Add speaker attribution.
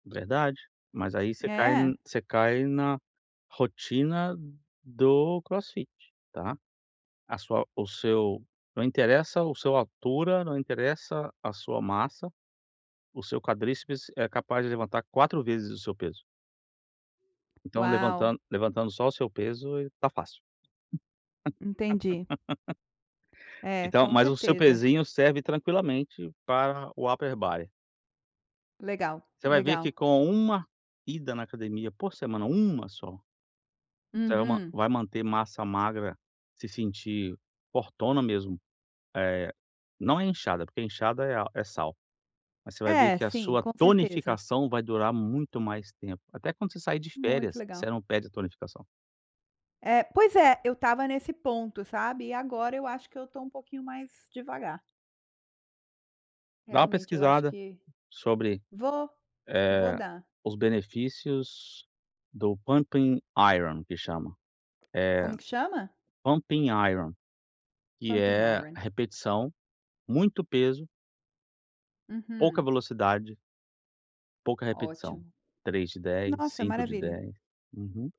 Speaker 1: Verdade, mas aí você cai
Speaker 2: É.
Speaker 1: você cai na rotina do crossfit, tá, a sua o seu não interessa o sua altura, não interessa a sua massa, o seu quadríceps é capaz de levantar 4 vezes o seu peso. Então
Speaker 2: Uau.
Speaker 1: levantan levantando só o seu peso, tá fácil.
Speaker 2: Entendi. É,
Speaker 1: Então,
Speaker 2: com
Speaker 1: mas o seu
Speaker 2: certeza.
Speaker 1: pesinho serve tranquilamente para o Upper Body.
Speaker 2: Legal,
Speaker 1: Você vai ver
Speaker 2: legal.
Speaker 1: que com uma ida na academia por semana, uma só você va
Speaker 2: Uhum.
Speaker 1: vai manter massa magra, se sentir fortona mesmo, eh, não é inchada, porque a inchada é sal, mas você vai ver
Speaker 2: É,
Speaker 1: que a
Speaker 2: sim,
Speaker 1: sua
Speaker 2: com certeza.
Speaker 1: tonificação vai durar muito mais tempo, até quando você sair de
Speaker 2: Muito
Speaker 1: férias, você
Speaker 2: legal.
Speaker 1: não perde a tonificação.
Speaker 2: É, pois é, eu estava nesse ponto, sabe, e agora eu acho que eu tô um pouquinho mais devagar.
Speaker 1: Dá uma
Speaker 2: Realmente eu acho
Speaker 1: pesquisada
Speaker 2: que
Speaker 1: sobre,
Speaker 2: vou, vou
Speaker 1: eh,
Speaker 2: dar.
Speaker 1: os benefícios do pump iron, que chama. Eh,
Speaker 2: Como que chama?
Speaker 1: pump iron, que
Speaker 2: Pump
Speaker 1: é
Speaker 2: iron.
Speaker 1: repetição, muito peso pouca
Speaker 2: Uhum.
Speaker 1: velocidade pouca repetição;
Speaker 2: Ótimo,
Speaker 1: 3 de 10,
Speaker 2: nossa
Speaker 1: 5 de
Speaker 2: maravilha.
Speaker 1: 10. Uhum.